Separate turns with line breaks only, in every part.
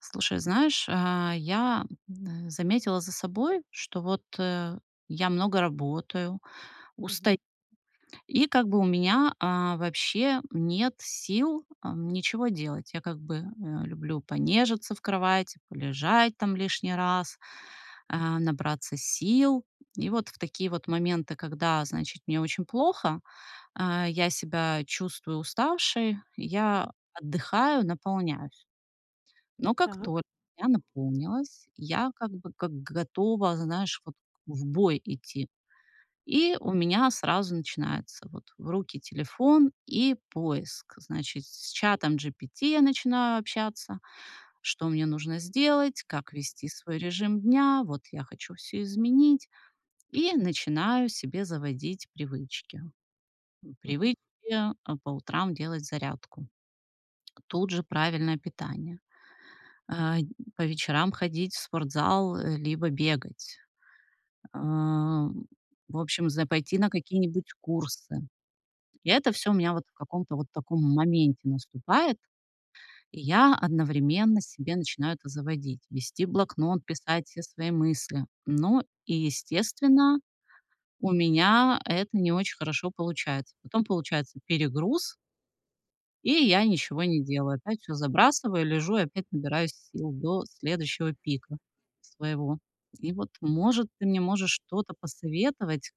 Слушай, знаешь, э, я, м, а, заметила за собой, что вот, э, я много работаю, устаю,
Мгм.
и как бы у меня, а, вообще нет сил, ам, ничего делать. Я, как бы, э, люблю понежиться в кровати, полежать там лишний раз, э, набраться сил. И вот в такие вот моменты, когда, значит, мне очень плохо, э, я себя чувствую уставшей, я отдыхаю, наполняюсь. Но как
Так.
только я наполнилась, я как бы, как готова, знаешь, вот к в бой идти. И у меня сразу начинается, вот, в руки телефон, и поиск, значит, с чатом GPT я начинаю общаться, что мне нужно сделать, как вести свой режим дня, вот я хочу всё изменить. И начинаю себе заводить привычки. М,
Мгм.
привычки, а, по утрам делать зарядку. Тут же правильное питание. Э, по вечерам ходить в спортзал либо бегать. Ам, в общем, за пойти на какие-нибудь курсы. И это всё у меня вот в каком-то вот таком моменте наступает. И я одновременно себе начинаю это заводить, вести блокнот, писать все свои мысли. Но и, естественно, у меня это не очень хорошо получается. Потом получается перегруз и я ничего не делаю. Опять всё забрасываю, лежу и опять набираюсь сил до следующего пика своего. И вот, может, ты мне можешь что-то посоветовать,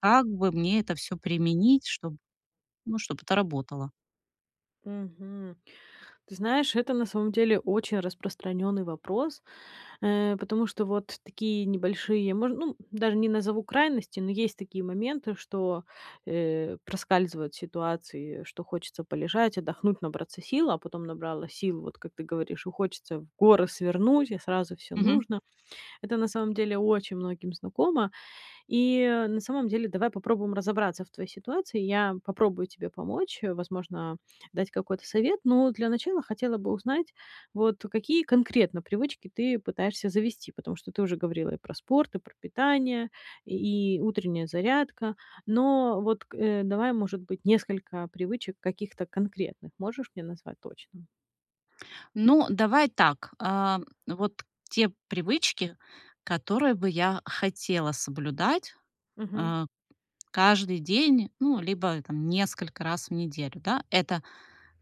как бы мне это всё применить, чтоб ну, чтоб это работало?
Мгм. Ты знаешь, это, на самом деле, очень распространённый вопрос, э, потому что вот такие небольшие, мож ну, даже не назову крайности, но есть такие моменты, что, э, проскальзывают ситуации, что хочется полежать, отдохнуть, набраться сил, а потом набралась сил, вот как ты говоришь, и хочется в горы свернуть, и сразу всё
Мгм.
нужно. Это на самом деле очень многим знакомо. И, на самом деле, давай попробуем разобраться в твоей ситуации. Я попробую тебе помочь, возможно, дать какой-то совет, но для начала хотела бы узнать, вот, какие конкретно привычки ты пытаешься завести, потому что ты уже говорила и про спорт, и про питание, и и утренняя зарядка. Но, вот к э, давай, может быть, несколько привычек каких-то конкретных можешь мне назвать точно?
Ну, давай так, э, вот те привычки, которые бы я хотела соблюдать,
Мгм.
а, каждый день, ну, либо там несколько раз в неделю, да. Это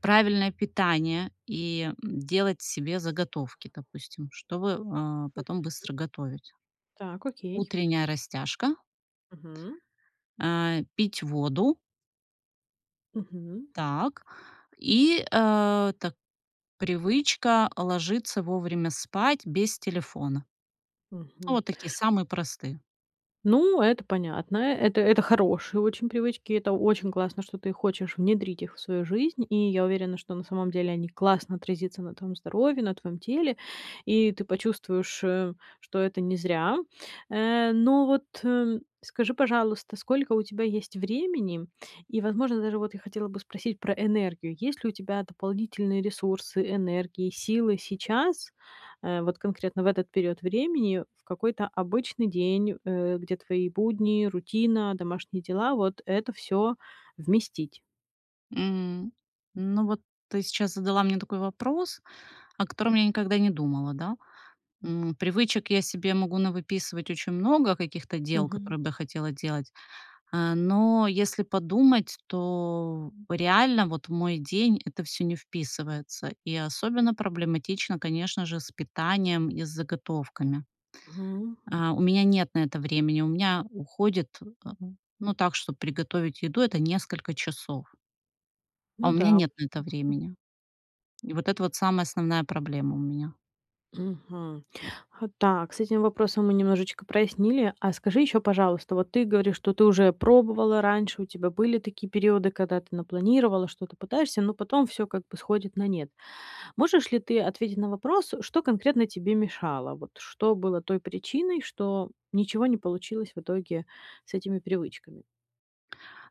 правильное питание и, м, делать себе заготовки, допустим, чтобы, а, потом
[unintelligible]
быстро готовить.
Так, окей.
Утренняя растяжка.
Мгм.
А, пить воду.
Мгм.
Так, и, а, так привычка ложиться вовремя спать без телефона. Ну
Мгм.
вот такие, самые простые.
Ну, это понятно. Э, это это хорошие очень привычки. Это очень классно, что ты хочешь внедрить их в свою жизнь, и я уверена, что на самом деле они классно отразится на твоём здоровье, на твоём теле, и ты почувствуешь, э, что это не зря. Э, но вот, м, скажи, пожалуйста, сколько у тебя есть времени и, возможно, даже вот я хотела бы спросить про энергию. Есть ли у тебя дополнительные ресурсы, энергии, силы сейчас, э, вот конкретно в этот период времени, в какой-то обычный день, э, где твои будни, рутина, домашние дела- вот это всё вместить?
М, ну вот ты сейчас задала мне такой вопрос, о котором я никогда не думала, да? М, привычек я себе могу навыписывать очень много каких-то дел,
Мгм.
которые бы я хотела делать. А но если подумать, то реально вот в мой день это всё не вписывается, и особенно проблематично, конечно же, с питанием и с заготовками.
Мгм.
А у меня нет на это времени, у меня уходит, а ну так, чтобы приготовить еду- это несколько часов. А у
Ну
меня
да.
нет
Обыч
на это
[unintelligible]
времени. И вот это вот самая основная проблема у меня.
Мгм. А так, с этим вопросом мы немножечко прояснили. А скажи ещё, пожалуйста, вот ты говоришь, что ты уже пробовала раньше, у тебя были такие периоды, когда ты напланировала, что-то пытаешься, но потом всё как бы сходит на нет. Можешь ли ты ответить на вопрос, что конкретно тебе мешало? Вот что было той причиной, что ничего не получилось в итоге с этими привычками?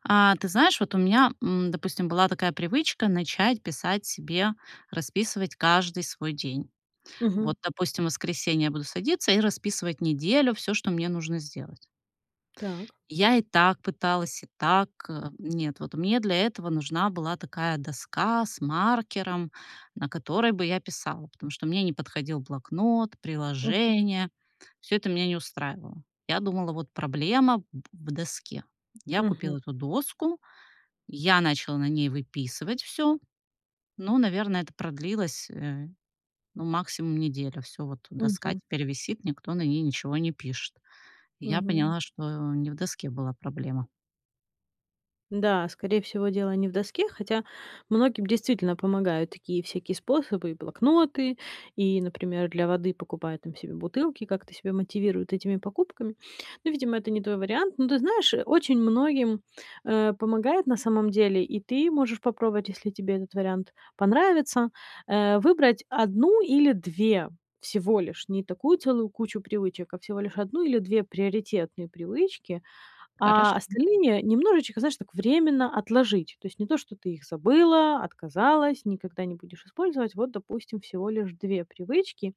А ты знаешь, вот у меня, м, допустим, была такая привычка: начать писать себе, расписывать каждый свой день.
Мгм.
Вот, допустим, в воскресенье я буду садиться и расписывать неделю: всё, что мне нужно сделать.
Так.
Я и так пыталась, и так. Нет, вот мне для этого нужна была такая доска с маркером, на которой бы я писала, потому что мне не подходил блокнот,
Мгм.
приложения, всё это меня не устраивало. Я думала: "Вот проблема в в доске." Я
Мгм.
купила эту доску, я начала на ней выписывать всё. Ну, наверное, это продлилось, э, ну, максимум неделю, Всё, вот доска
Мгм.
теперь висит, никто на ней ничего не пишет. Я
Мгм.
поняла, что не в доске была проблема.
Да, скорее всего дело не в доске, хотя многим, действительно, помогают такие всякие способы, и блокноты, и, например, для воды покупают там себе бутылки, как-то себя мотивируют этими покупками. Ну, видимо, это не твой вариант. Но ты знаешь, очень многим, э, помогает, на самом деле, и ты можешь попробовать, если тебе этот вариант понравится, э, выбрать 1 или 2 всего лишь, не такую целую кучу привычек, а всего лишь 1 или 2 приоритетные привычки, а
Хорошо.
остальные немножечко, знаешь, так временно отложить. То есть не то, что ты их забыла, отказалась, никогда не будешь использовать вот, допустим, всего лишь 2 привычки.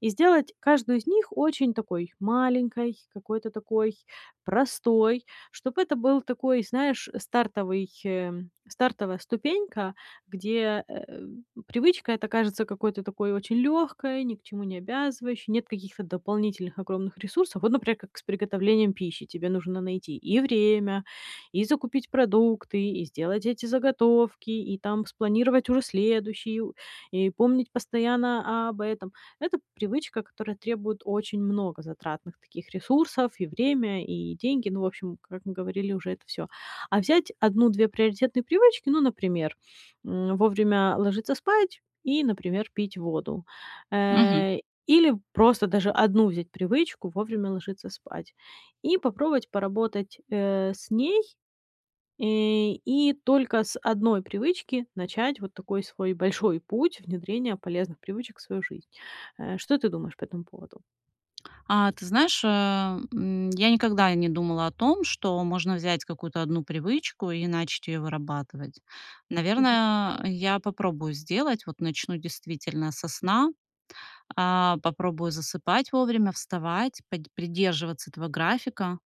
И сделать каждую из них очень такой маленькой, какой-то такой простой, чтоб это был такой, знаешь, стартовый, э, стартовая ступенька, где, э, привычка эта кажется какой-то такой очень лёгкой, ни к чему не обязывающей, нет каких-то дополнительных огромных ресурсов. Вот например, как с приготовлением пищи: тебе нужно найти и время, и закупить продукты, и сделать эти заготовки, и там спланировать уже следующую, и помнить постоянно об этом. Это привычка, которая требует очень много затратных таких ресурсов, и время, и деньги. Ну, в общем, как мы говорили уже, это всё. А взять 1-2 приоритетные привычки, ну, например, м, вовремя ложиться спать и, например, пить воду,
Мгм.
э. Или просто даже 1 взять привычку: вовремя ложиться спать. И попробовать поработать, э, с ней, э, и только с 1 привычки начать вот такой свой большой путь внедрения полезных привычек в свою жизнь. Э, что ты думаешь по этому поводу?
А ты знаешь, а, м, я никогда не думала о том, что можно взять какую-то 1 привычку и начать её вырабатывать.
Мгм.
Наверное, я попробую сделать, вот начну действительно со сна: а, попробую засыпать вовремя, вставать, подь придерживаться этого графика.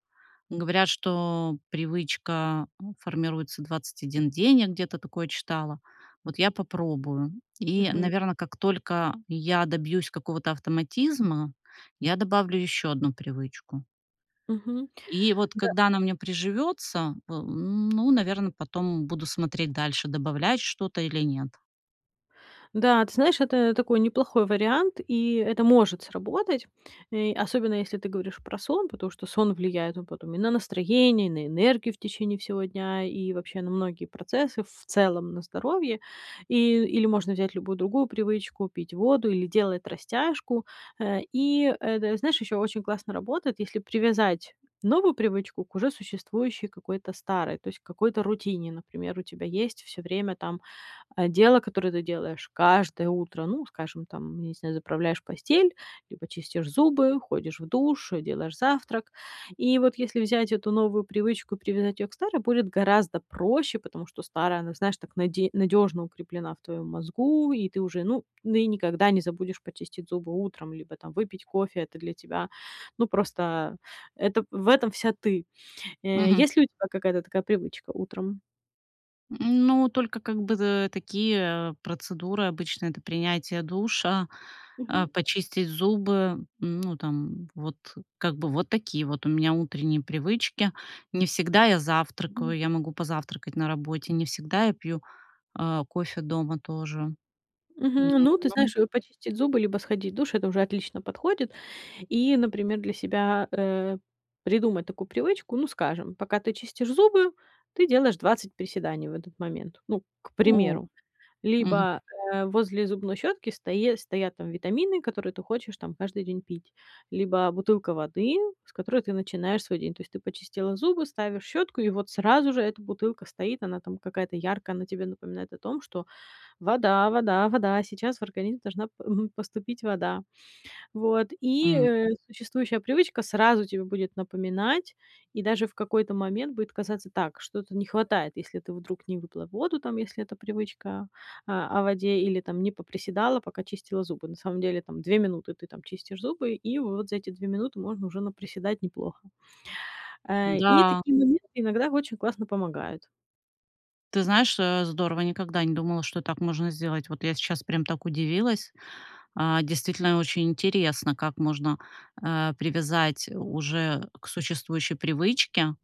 Говорят, что привычка формируется 21 день, я где-то такое читала, вот я попробую. И,
Мгм.
наверно, как только я добьюсь какого-то автоматизма, я добавлю ещё 1 привычку.
Мгм.
И вот
Да.
когда она у меня приживётся во ну, наверно, потом буду смотреть дальше- добавлять что-то или нет.
Да, ты знаешь, это такой неплохой вариант, и это может сработать, э, особенно если ты говоришь про сон, потому что сон влияет потом и на настроение, и на энергию в течение всего дня, и вообще на многие процессы, в целом на здоровье. И или можно взять любую другую привычку: пить воду или делать растяжку. Э, и это знаешь, ещё очень классно работает, если привязать новую привычку к уже существующей какой-то старой, то есть какой-то рутине. Например, у тебя есть всё время там, а, дело, которое ты делаешь каждое утро, ну, скажем, там, я не знаю, заправляешь постель, либо чистишь зубы, ходишь в душ, делаешь завтрак. И вот если взять эту новую привычку и привязать её к старой, будет гораздо проще, потому что старая, она, знаешь, так наде надёжно укреплена в твоём мозгу, и ты уже, ну, ну и никогда не забудешь почистить зубы утром либо там выпить кофе. Это для тебя, ну, просто, это в этом вся ты. Э,
Мгм.
есть ли у тебя какая-то такая привычка утром?
М, ну, только как бы, дэ такие, э, процедуры, обычно это принятие душа, а,
Мгм.
почистить зубы, ну, там вот как бы, вот такие вот у меня утренние привычки. Не всегда я
Мгм.
завтракаю, я могу позавтракать на работе, не всегда я пью, а, кофе дома тоже. М,
Мгм. Ну, ты
ну.
знаешь, вот почистить зубы либо сходить в душ- это уже отлично подходит. И, например, для себя, э, придумать такую привычку. Ну скажем, пока ты чистишь зубы, ты делаешь двадцать приседаний в этот момент. Ну, к
О.
примеру,
Мгм.
либо, э, возле зубной щётки стои стоят там витамины, которые ты хочешь там каждый день пить, либо бутылка воды, с которой ты начинаешь свой день. То есть ты почистила зубы, ставишь щётку, и вот сразу же эта бутылка стоит, она там какая-то яркая, она тебе напоминает о том, что вода вода вода, сейчас в организм должна па мгм, поступить вода. Вот, и,
М.
э, существующая привычка сразу тебе будет напоминать, и даже в какой-то момент будет казаться: так, что-то не хватает, если ты вдруг не выпила воду, там, если это привычка, а, о воде или там не поприседала, пока чистила зубы. На самом деле там две минуты ты там чистишь зубы, и вот за эти две минуты можно уже наприседать неплохо. Э, и
Да.
такие моменты иногда очень классно помогают.
Ты знаешь, э, здорово, я никогда не думала, что так можно сделать. Вот я сейчас прям так удивилась. А, действительно, очень интересно, как можно, э, привязать у уже к существующей привычке.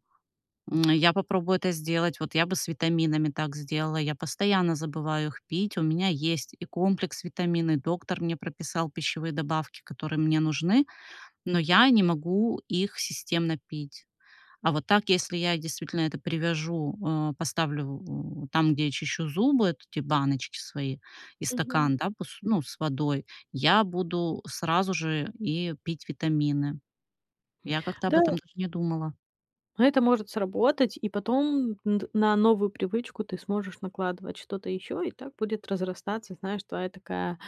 М, я попробую это сделать, вот я бы с витаминами так сделала. Я постоянно забываю их пить. У меня есть и комплекс витаминный, доктор мне прописал пищевые добавки, которые мне нужны, но я не могу их системно пить. А вот так, если я действительно это привяжу, э, поставлю у там, где я чищу зубы, от эти баночки свои и
Мгм.
стакан, да пус ну, с водой, я буду сразу же и пить витамины. Я как-то об
Да.
этом даже не думала.
А это может сработать и потом н д на новую привычку ты сможешь накладывать что-то ещё. И так будет разрастаться, знаешь, твоя такая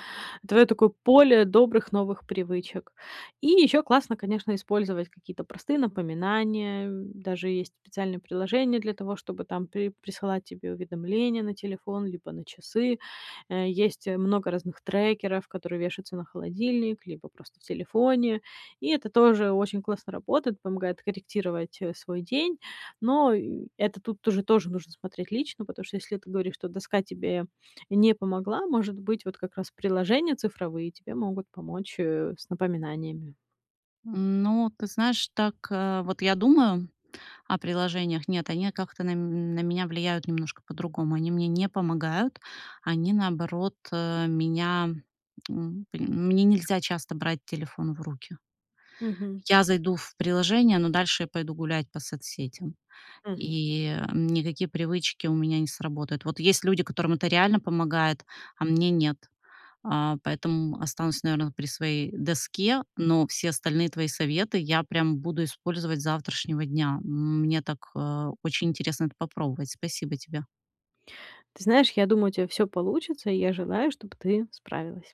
твоё такое поле добрых новых привычек. И ещё классно, конечно, использовать какие-то простые напоминания, м. Даже есть специальные приложения для того, чтобы там при присылать тебе уведомления на телефон либо на часы. Э, есть много разных трекеров, которые вещаются на холодильник либо просто в телефоне. И это тоже очень классно работает. Помогает корректировать, э, свой день, но и это тут тоже тоже нужно смотреть лично. Потому что если ты говоришь, что доска тебе не помогла, может быть вот как раз приложения цифровые тебе могут помочь, э, с напоминаниями.
Ну, ты знаешь, так, э, вот я думаю о приложениях: нет, они, а, как-то на м на меня влияют немножко по-другому. Они мне не помогают, они наоборот, э, меня, м, м мне нельзя часто брать телефон в руки.
Мгм.
Я зайду в приложение, но дальше я пойду гулять по соцсетям
Мгм.
и, эм, никакие привычки у меня не сработают. Вот есть люди, которым это реально помогает, а мне нет. А, поэтому останусь наверно вот при своей доске. Но все остальные твои советы я прям буду использовать с завтрашнего дня. Мне так, а, очень интересно это попробовать. Спасибо тебе.
Ты знаешь, я думаю, у тебя всё получится, и я желаю, чтоб ты справилась.